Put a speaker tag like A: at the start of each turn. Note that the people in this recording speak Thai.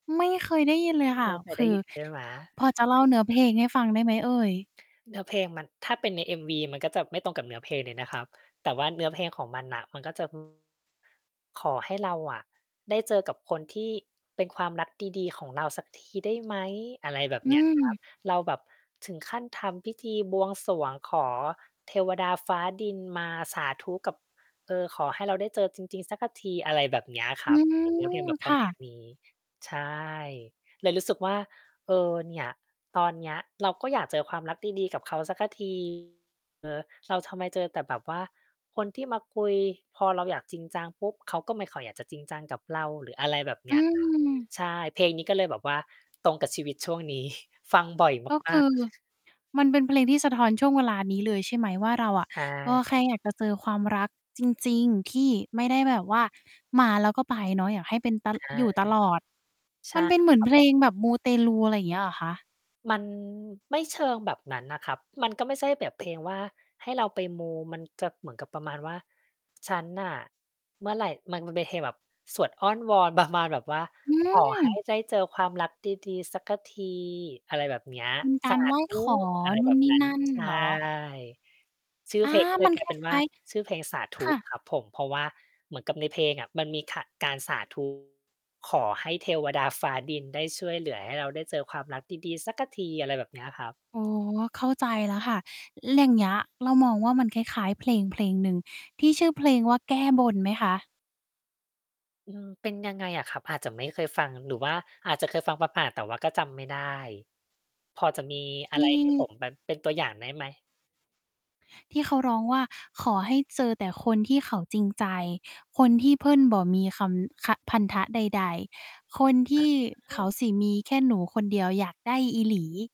A: ไม่เคยได้ยินเลยค
B: ำ
A: ่
B: ไม
A: ะ
B: ่เคย
A: ค
B: ได
A: ื
B: ้
A: อ
B: ยินใช่ไหม?
A: พอจะเล่าเนื้อเพลงให้ฟังได้ไหมเอ่ย?
B: เนื้อเพลงมัน ถ้าเป็นใน MV มันก็จะไม่ตรงกับเนื้อ เพลงเลยนะครับ แต่ว่าเนื้อเพลงของมันน่ะ มันก็ จะ ขอให้เราอะได้เจอกับคนที่เป็นความรักดี ๆ ของเราสักทีได้ไหม อะไรแบบ
A: อื
B: เนี้ยครับ
A: ม
B: เราแบบถึงขั้นทำพิธีบวงสรวงขอเทวดาฟ้าดินมาสาธุกับ เอ่อ ขอให้เราได้เจอจริง ๆ สักกะที อะไรแบบเนี้ยค
A: อื
B: รับ
A: ม
B: เป็นเนื้อเพลงแบบ
A: ค
B: ประ
A: ่
B: มา
A: ะ
B: ณนี้ ใช่ เลยรู้สึกว่า เออ เนี่ย ตอนเนี้ยเราก็อยากเจอความรักดี ๆ กับเขาสักกะ ที เออ เราทำไมเจอแต่แบบว่าคนที่มาคุย พอเราอยากจริงจังปุ๊บ เขาก็ไม่ค่อยอยากจะจริงจังกับเรา หรืออะไรแบบเ
A: อ
B: น
A: ื
B: ี้ย ครับ
A: ม
B: ใช่ เพลงนี้ก็เลยแบบว่าตรงกับชีวิตช่วง นี้ ฟังบ่อย
A: ก็
B: ม
A: ค
B: า
A: ื
B: ก
A: อ
B: ๆ
A: มันเป็นเพลงที่สะท้อนช่วงเวลานี้เลยใช่ไหมว่า เราอะ
B: ใช
A: ก็แค่
B: ่
A: อยากจะเจอความรักจริง ๆ ที่ไม่ได้แบบว่ามาแล้วก็ไปเนาะ อยากให้เป็น ต
B: ใช่
A: อยู่ตลอด
B: ใช
A: ม
B: ่
A: ันเป็นเหมื
B: ค
A: อน
B: รับ
A: เพ
B: ผ
A: ล
B: ม
A: งแบบมูเตลู อะไรอย่างเงี้ยเหรอคะ?
B: มันไม่เชิงแบบนั้นนะครับ มันก็ไม่ใช่แบบ เพลงว่าให้เราไปมู มันจะ เหมือนกับประมาณว่า ฉันน่ะเมื่อไร มัน มันเป็นเพลงแบบสวดอ้อนวอน ประมาณแบบว่า
A: อื
B: ขอให้
A: ม!
B: ได้เจอความรักดี ๆ สักกะที อะไรแบบนี้อะ
A: เป็นก
B: ส
A: า
B: า
A: รไหว้
B: ธุ
A: ขอ
B: อะไร
A: นู
B: แบ
A: ่น
B: บ
A: นี่
B: นั้น
A: นั่น
B: ใช่
A: เหรอ?
B: ชื่อ
A: อา!
B: เพลง ก็เล
A: มั
B: ย
A: น
B: กลา
A: ค
B: ยเป็น ว
A: ล
B: ่า
A: ้าย
B: ชื่อเพลงสาธ
A: ๆ ค
B: ุ
A: ่ะ
B: ครับผม เพราะว่าเหมือนกับในเพลงอะมันมี ข การสา ธุ ขอให้เทวดาฟ้าดินได้ช่วยเหลือให้เราได้เจอความรักดี ๆ สักกะที อะไรแบบนี้อะครับ
A: อ๋อ เข้าใจแล้วค่ะ ล อย่างเงี้ยเรามองว่ามันคล้าย ๆ เพลงเพลงหนึ่งที่ชื่อเพลงว่า แก้บน ไหมคะ?
B: อืม เป็นยังไงอะครับ? อาจจะไม่เคยฟัง หรือว่าอาจจะเคยฟังผ่าน ๆ แต่ว่าก็จำไม่ได้ พอจะมีอ
A: ท
B: ะ ไรให้ผม
A: ี่
B: แบบเป็นตัวอย่างได้ไหม?
A: ที่เขาร้องว่า "ขอให้เจอแต่คนที่เขาจริงใจ คนที่เพิ้นบ่อมีคำ คะ พันธะใด ๆ คนท
B: อ
A: ี่เข
B: ื
A: า
B: ม
A: สิมีแค่หนูคนเดียว อยากได้อีหลี"